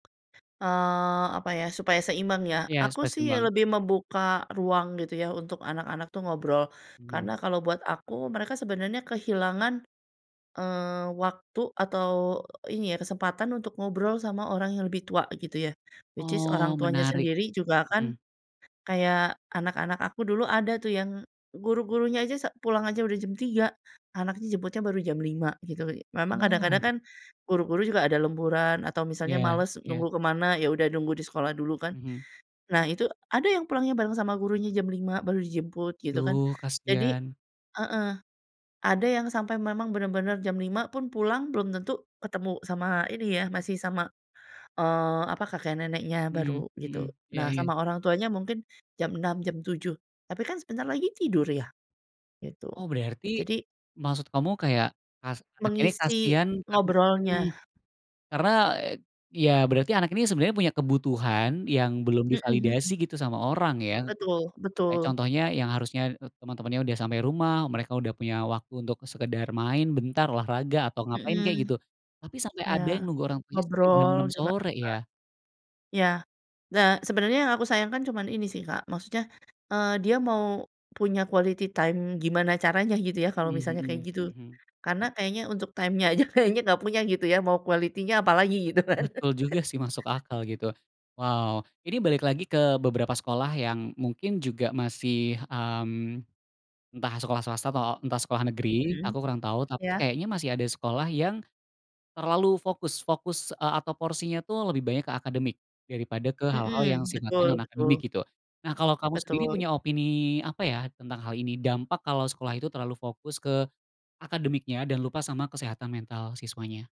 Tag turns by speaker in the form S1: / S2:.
S1: Eee, apa ya, supaya seimbang ya.
S2: Iya,
S1: Aku
S2: supaya
S1: sih
S2: seimbang.
S1: lebih membuka ruang gitu yah untuk anak-anak tuh ngobrol.
S2: Mhm.
S1: Karena kalau buat aku, mereka sebenarnya kehilangan, eee, waktu atau iya kesempatan untuk ngobrol sama orang yang lebih tua gitu yah. Which is
S2: Oh
S1: orang tuanya
S2: menarik.
S1: sendiri juga
S2: Mmm.
S1: akan kayak anak-anak aku dulu ada tuh yang guru-gurunya aja sa pulang aja udah jam 3.00, anaknya jemputnya baru jam 5.00 gitu. Memang kadang-kadang
S2: Oh.
S1: kan guru-guru juga ada lemburan, atau misalnya
S2: Iya
S1: males
S2: iya.
S1: nunggu ke mana, ya udah nunggu di sekolah dulu kan.
S2: Mhm.
S1: Nah itu ada yang pulangnya bareng sama gurunya jam 5.00 baru dijemput gitu kan.
S2: Duh
S1: Jadi
S2: kasian.
S1: heeh, ada yang sampai memang bener-bener jam 5.00 pun pulang belum tentu ketemu sama ini yah masih sama, eee, apa, kakek neneknya
S2: Mhm
S1: baru,
S2: mhm.
S1: gitu.
S2: Iya
S1: Nah
S2: iya.
S1: sama orang tuanya mungkin jam 6.00, jam 7.00. Tapi kan sebentar lagi tidur yah, gitu.
S2: Oh berarti,
S1: Jadi
S2: maksud kamu kayak as anak ini
S1: mengisi
S2: kasihan karen
S1: ngobrolnya
S2: mmm, karena ya berarti anak ini sebenarnya punya kebutuhan yang belum
S1: Mhm
S2: divalidasi
S1: mhm.
S2: gitu sama orang ya.
S1: Betul
S2: Kayak
S1: betul.
S2: contohnya yang harusnya teman-teman yang udah sampai rumah, mereka udah punya waktu untuk sekedar main bentar, olahraga, atau ngapain
S1: Mmm,
S2: kayak gitu. Tapi sampai
S1: iya,
S2: ada yang nunggu orang tuanya sampai jam
S1: ngobrol
S2: 6.00
S1: juga heeh,
S2: sore ya.
S1: iya. Nah, sebenernya yang aku sayangkan cuman ini sih, Kak, maksudnya, eee, dia mau punya quality time gimana caranya gitu ya, kalau
S2: Mmm,
S1: misalnya kayak
S2: hmm.
S1: gitu?
S2: Mhm.
S1: Karena kayaknya untuk time-nya aja kayaknya gak punya gitu ya, mau quality-nya apalagi gitu kan?
S2: Betul juga sih masuk akal gitu. Wow. Ini balik lagi ke beberapa sekolah yang mungkin juga masih mmm, entah sekolah swasta atau entah sekolah negeri,
S1: Hmm,
S2: aku kurang tahu. Tapi
S1: ya.
S2: kayaknya masih ada sekolah yang terlalu fokus fokus, eee, atau porsinya tuh lebih banyak ke akademik daripada ke hal-hal yang
S1: Mmm,
S2: sifatnya
S1: betul
S2: non
S1: betul.
S2: akademik gitu. Nah kalau kamu sendiri
S1: Betul.
S2: punya opini apa ya tentang hal ini? Dampak kalau sekolah itu terlalu fokus ke akademiknya dan lupa sama kesehatan mental siswanya.